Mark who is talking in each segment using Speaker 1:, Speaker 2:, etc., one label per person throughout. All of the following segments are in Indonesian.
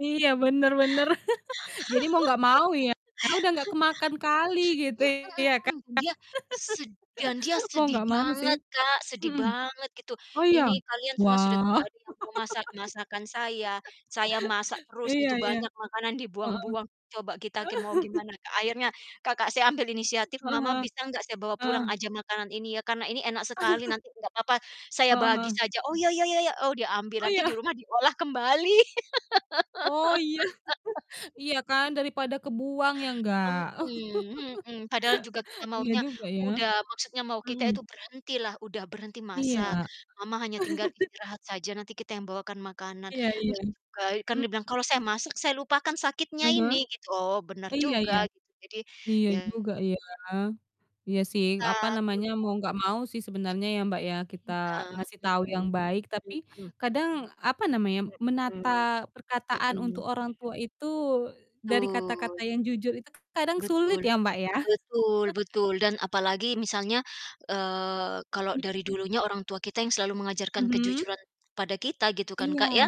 Speaker 1: Iya, bener bener. Jadi mau nggak mau ya, karena udah nggak kemakan kali gitu
Speaker 2: Mhm
Speaker 1: ya kan?
Speaker 2: mhm, dia sed dan dia
Speaker 1: Mau
Speaker 2: sedih
Speaker 1: nggak mau sih.
Speaker 2: banget Kak, sedih
Speaker 1: Mhm.
Speaker 2: banget gitu.
Speaker 1: Oh iya?
Speaker 2: "Ini kalian semua sudah tidak
Speaker 1: Wah.
Speaker 2: ada yang mau masak masakan saya, saya masak terus
Speaker 1: Iya
Speaker 2: itu
Speaker 1: iya.
Speaker 2: banyak makanan
Speaker 1: Heeh.
Speaker 2: dibuang-buang." Coba kita ke mau gimana Kak, akhirnya kakak saya ambil inisiatif,
Speaker 1: Heeh
Speaker 2: "Mama
Speaker 1: heeh,
Speaker 2: bisa nggak, saya bawa pulang
Speaker 1: heeh.
Speaker 2: aja makanan ini ya, karena ini enak sekali, nanti nggak apa-apa saya
Speaker 1: Heeh
Speaker 2: bagi
Speaker 1: heeh.
Speaker 2: saja." "Oh, iya iya iya iya," oh dia
Speaker 1: Oh
Speaker 2: ambil nanti di
Speaker 1: iya?
Speaker 2: rumah diolah kembali.
Speaker 1: Oh iya. Iya kan, daripada kebuang, ya nggak?
Speaker 2: Mhm mhm, padahal juga kita
Speaker 1: Iya
Speaker 2: maunya,
Speaker 1: juga, ya.
Speaker 2: udah, maksudnya mau kita
Speaker 1: Mhm.
Speaker 2: itu berhentilah, udah berhenti
Speaker 1: Iya,
Speaker 2: masak.
Speaker 1: heeh.
Speaker 2: "Mama hanya tinggal istirahat saja, nanti kita yang bawakan makanan."
Speaker 1: Iya
Speaker 2: terus
Speaker 1: iya,
Speaker 2: juga, kan
Speaker 1: mhm.
Speaker 2: dia bilang, "Kalau saya masak, saya lupakan
Speaker 1: Ah
Speaker 2: sakitnya
Speaker 1: hah.
Speaker 2: ini," gitu. Oh benar
Speaker 1: Iya
Speaker 2: juga
Speaker 1: iya.
Speaker 2: gitu jadi
Speaker 1: Iya
Speaker 2: ya
Speaker 1: juga ya. Iya sih,
Speaker 2: Ta
Speaker 1: apa
Speaker 2: mhm.
Speaker 1: namanya, mau nggak mau sih sebenarnya ya Mbak ya, kita
Speaker 2: Iya,
Speaker 1: ngasih tahu yang
Speaker 2: mhm,
Speaker 1: baik tapi
Speaker 2: mhm.
Speaker 1: kadang, apa namanya, menata
Speaker 2: Mhm,
Speaker 1: perkataan untuk
Speaker 2: mhm.
Speaker 1: orang tua itu dari kata-kata
Speaker 2: Betul.
Speaker 1: yang jujur itu kadang sulit
Speaker 2: Betul,
Speaker 1: ya Mbak ya?
Speaker 2: betul betul, dan apalagi misalnya, eee, kalau dari
Speaker 1: Mhm.
Speaker 2: dulunya orang tua kita yang selalu mengajarkan
Speaker 1: Mhm.
Speaker 2: kejujuran pada kita gitu kan
Speaker 1: Iya,
Speaker 2: Kak ya.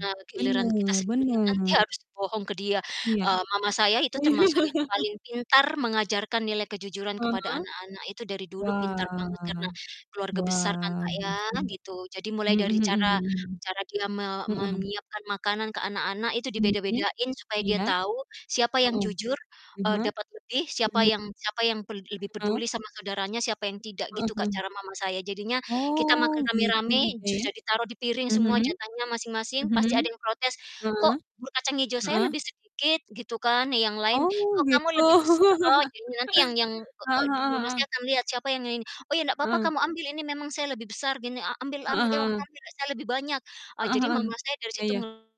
Speaker 2: Nah, giliran
Speaker 1: bener
Speaker 2: kita sendiri yang nanti
Speaker 1: bener.
Speaker 2: harus bohong ke dia,
Speaker 1: Iya.
Speaker 2: eee, mama saya itu
Speaker 1: Oh iya?
Speaker 2: termasuk yang paling pintar mengajarkan nilai kejujuran
Speaker 1: Ah
Speaker 2: kepada
Speaker 1: hah.
Speaker 2: anak-anak, itu dari dulu pintar banget
Speaker 1: Wah,
Speaker 2: karena keluarga besar kan
Speaker 1: wah,
Speaker 2: Kak ya,
Speaker 1: bagus banget.
Speaker 2: gitu. Jadi mulai
Speaker 1: Mhm
Speaker 2: dari
Speaker 1: mhm
Speaker 2: cara
Speaker 1: mhm.
Speaker 2: cara dia me
Speaker 1: Heeh.
Speaker 2: menyiapkan makanan ke anak-anak, itu
Speaker 1: Mhm.
Speaker 2: dibeda-bedain supaya dia
Speaker 1: Iya.
Speaker 2: tahu siapa yang
Speaker 1: Heeh.
Speaker 2: jujur,
Speaker 1: Ah
Speaker 2: eee,
Speaker 1: hah.
Speaker 2: dapat lebih, siapa
Speaker 1: [unintelligible]
Speaker 2: yang siapa yang pel lebih
Speaker 1: Heeh.
Speaker 2: peduli sama saudaranya, siapa yang tidak,
Speaker 1: A
Speaker 2: gitu Kak
Speaker 1: mhm.
Speaker 2: cara mama saya. Jadinya kita makan
Speaker 1: Oh, gitu
Speaker 2: rame-rame
Speaker 1: juga ya?
Speaker 2: sudah ditaruh di piring
Speaker 1: Mhm.
Speaker 2: semua jatahnya masing-masing,
Speaker 1: Mhm.
Speaker 2: pasti ada yang protes,
Speaker 1: Heeh,
Speaker 2: "Kok, bubur kacang hijau, saya
Speaker 1: heeh.
Speaker 2: lebih sedikit?" Gitu kan, yang lain,
Speaker 1: Oh
Speaker 2: "Kok kamu
Speaker 1: gitu.
Speaker 2: lebih bes" heeh, jadi nanti yang yang,
Speaker 1: Heeh
Speaker 2: e
Speaker 1: heeh
Speaker 2: mama saya
Speaker 1: heeh.
Speaker 2: akan melihat siapa yang ini ini. "Oh ya nggak papa
Speaker 1: Heeh.
Speaker 2: kamu ambil ini, memang saya lebih besar gini, a ambil
Speaker 1: Heeh
Speaker 2: ambil, emang
Speaker 1: heeh.
Speaker 2: ambil lah saya lebih banyak." Eee,
Speaker 1: Heeh
Speaker 2: jadi
Speaker 1: heeh,
Speaker 2: mama saya dari
Speaker 1: iya
Speaker 2: situ
Speaker 1: iya.
Speaker 2: ngel